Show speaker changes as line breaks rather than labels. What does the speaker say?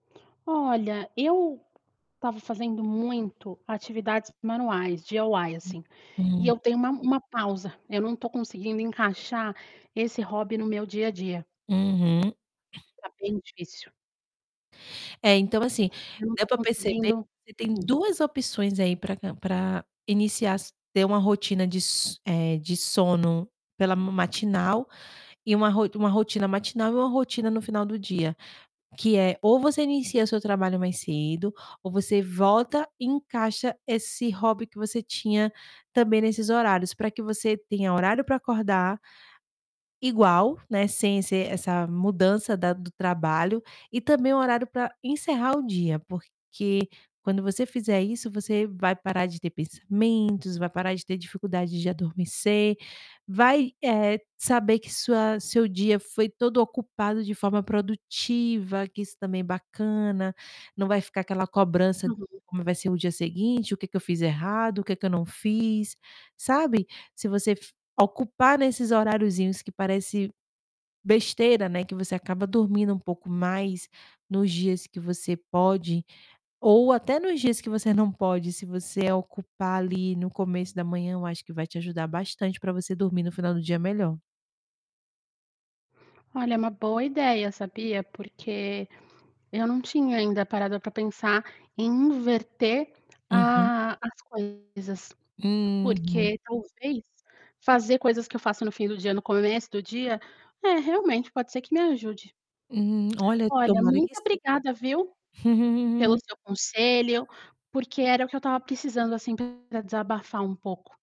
Olha, eu estava fazendo muito atividades manuais, DIY. E
Uhum.
eu dei uma uma pausa, eu não tô conseguindo encaixar esse hobby no meu dia a dia.
Uhum.
Tá bem difícil.
É, então, assim,
Eu não
deu
tô
pra perceber que
conseguindo
você tem 2 opções aí, pra cam pra iniciar, ter uma rotina de so eh, de sono pela ma matinal, e uma ro uma rotina matinal e uma rotina no final do dia, que é: ou você inicia o seu trabalho mais cedo, ou você volta e encaixa esse hobby que você tinha também nesses horários pra que você tenha horário pra acordar igual, né, sem ser essa mudança da do trabalho, e também um horário pra encerrar o dia, porque quando você fizer isso você vai parar de ter pensamentos, vai parar de ter dificuldade de adormecer, vai, eh, saber que sua seu dia foi todo ocupado de forma produtiva, que isso também é bacana, não vai ficar aquela cobrança:
Uhum.
"Como vai ser o dia seguinte? O que que eu fiz errado? O que que eu não fiz?". Sabe, se você f ocupar nesses horariozinhos, que parece besteira, né, que você acaba dormindo um pouco mais nos dias que você pode, ou até nos dias que você não pode, se você ocupar ali no começo da manhã, eu acho que vai te ajudar bastante pra você dormir no final do dia melhor.
Olha, é uma boa ideia, sabia, porque eu não tinha ainda parado pra pensar em inverter
Uhum.
a as coisas,
Uhum.
porque, talvez, fazer coisas que eu faço no fim do dia no começo do dia, eh, realmente pode ser que me ajude.
Hum. Olha,
Olha,
tomara
muito
que sim.
obrigada, viu, pelo seu conselho, porque era o que eu estava precisando, assim, pra desabafar um pouco.